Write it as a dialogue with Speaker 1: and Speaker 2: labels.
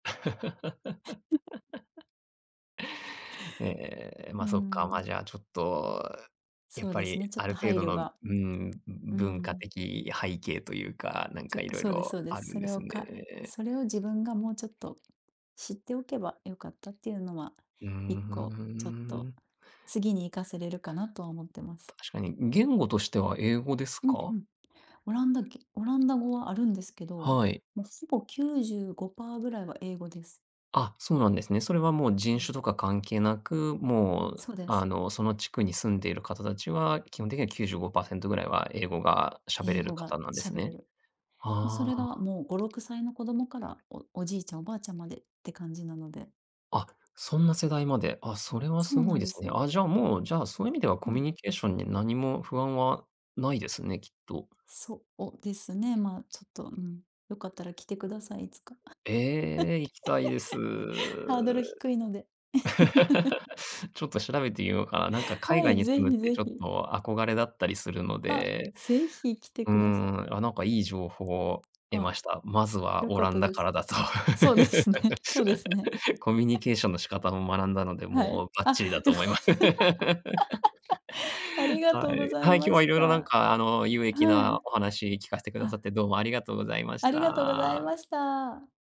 Speaker 1: ええ、
Speaker 2: うー
Speaker 1: ま、そっか、ま、
Speaker 2: ん。
Speaker 1: じゃ、ちょっと、やっ
Speaker 2: そう
Speaker 1: ぱ
Speaker 2: です
Speaker 1: り、
Speaker 2: ね、ちょっ
Speaker 1: あ
Speaker 2: と
Speaker 1: る程
Speaker 2: 配
Speaker 1: 度
Speaker 2: 慮
Speaker 1: の、う
Speaker 2: が、
Speaker 1: ーん、
Speaker 2: う
Speaker 1: 文化
Speaker 2: ん。
Speaker 1: 的背景と言うか、
Speaker 2: て
Speaker 1: 何か、
Speaker 2: 言うか、
Speaker 1: 色
Speaker 2: そうです
Speaker 1: 々
Speaker 2: そうで
Speaker 1: あ
Speaker 2: す、
Speaker 1: る
Speaker 2: そ
Speaker 1: んで
Speaker 2: れ
Speaker 1: す
Speaker 2: を、か
Speaker 1: ね。
Speaker 2: それを自分がもうちょっと、知っておけば良かったって言うのは、
Speaker 1: うー
Speaker 2: 1個ちょっと、
Speaker 1: ん。
Speaker 2: 次に活かせれるかなとは思ってます。
Speaker 1: 確かに、言語としては、英語です
Speaker 2: うんう
Speaker 1: か？
Speaker 2: ん、オランダオランダ語はあるんですけど、
Speaker 1: はい。
Speaker 2: もうほぼ95パー位は英語です。
Speaker 1: あ、そうなんですね、それは、もう
Speaker 2: う
Speaker 1: 人
Speaker 2: ん。
Speaker 1: 種とか関係なく、もう、
Speaker 2: そうです。
Speaker 1: あの、その地区に住んでいる方達は、基本的には95%位は、英語が喋
Speaker 2: 英
Speaker 1: れる
Speaker 2: 語が
Speaker 1: 方なんです
Speaker 2: 喋れ
Speaker 1: ね、
Speaker 2: る、もうそ
Speaker 1: あ
Speaker 2: れが、
Speaker 1: あ。
Speaker 2: もう5、6歳の子供から、おじいちゃん、おばあちゃん迄って感じなので。
Speaker 1: あ、そんな世代まで、あ、それは
Speaker 2: そうな
Speaker 1: 凄い
Speaker 2: ん
Speaker 1: で
Speaker 2: で
Speaker 1: す
Speaker 2: す
Speaker 1: ね、
Speaker 2: よ。
Speaker 1: あ、じゃ、もう、じゃ、そう言う意味では、
Speaker 2: う
Speaker 1: コミ
Speaker 2: ん。
Speaker 1: ュニケーションに、何も不安はないですね、きっと。
Speaker 2: そうですね、まあ、ちょっと、うん、良かったら来て下さい、いつか、
Speaker 1: ええ、行きたいです。
Speaker 2: ハードル低いので。
Speaker 1: ちょっと調べて見ようかな、何か、海
Speaker 2: は
Speaker 1: 外
Speaker 2: い、
Speaker 1: に
Speaker 2: 是
Speaker 1: 住
Speaker 2: 非
Speaker 1: むって、
Speaker 2: 是
Speaker 1: ちょっ
Speaker 2: 非。
Speaker 1: と憧れだったりするの
Speaker 2: あ、
Speaker 1: で、
Speaker 2: 是非来て
Speaker 1: う
Speaker 2: 下さい。
Speaker 1: ん、あ、何か、良い情報を得
Speaker 2: あ、
Speaker 1: ました、まずは、
Speaker 2: 良
Speaker 1: オ
Speaker 2: かっ
Speaker 1: ラ
Speaker 2: た
Speaker 1: ンダ
Speaker 2: で
Speaker 1: か
Speaker 2: す、
Speaker 1: らだと、
Speaker 2: そうで すね、そうですね。
Speaker 1: コミュニ ケーションの仕方を学んだので、
Speaker 2: はい、
Speaker 1: もうバッ
Speaker 2: あ、
Speaker 1: チリだと
Speaker 2: 良か
Speaker 1: 思
Speaker 2: っ
Speaker 1: います、
Speaker 2: た、あり が
Speaker 1: は
Speaker 2: とうご
Speaker 1: い、
Speaker 2: ざい
Speaker 1: はい、今日
Speaker 2: ま
Speaker 1: は、
Speaker 2: し
Speaker 1: 色々何
Speaker 2: た。
Speaker 1: か、あの、有益
Speaker 2: は
Speaker 1: な
Speaker 2: い、
Speaker 1: お話聞かせて下さっ
Speaker 2: あ
Speaker 1: て、どうもありがとうございまし
Speaker 2: ありがとうござい
Speaker 1: た。
Speaker 2: ました。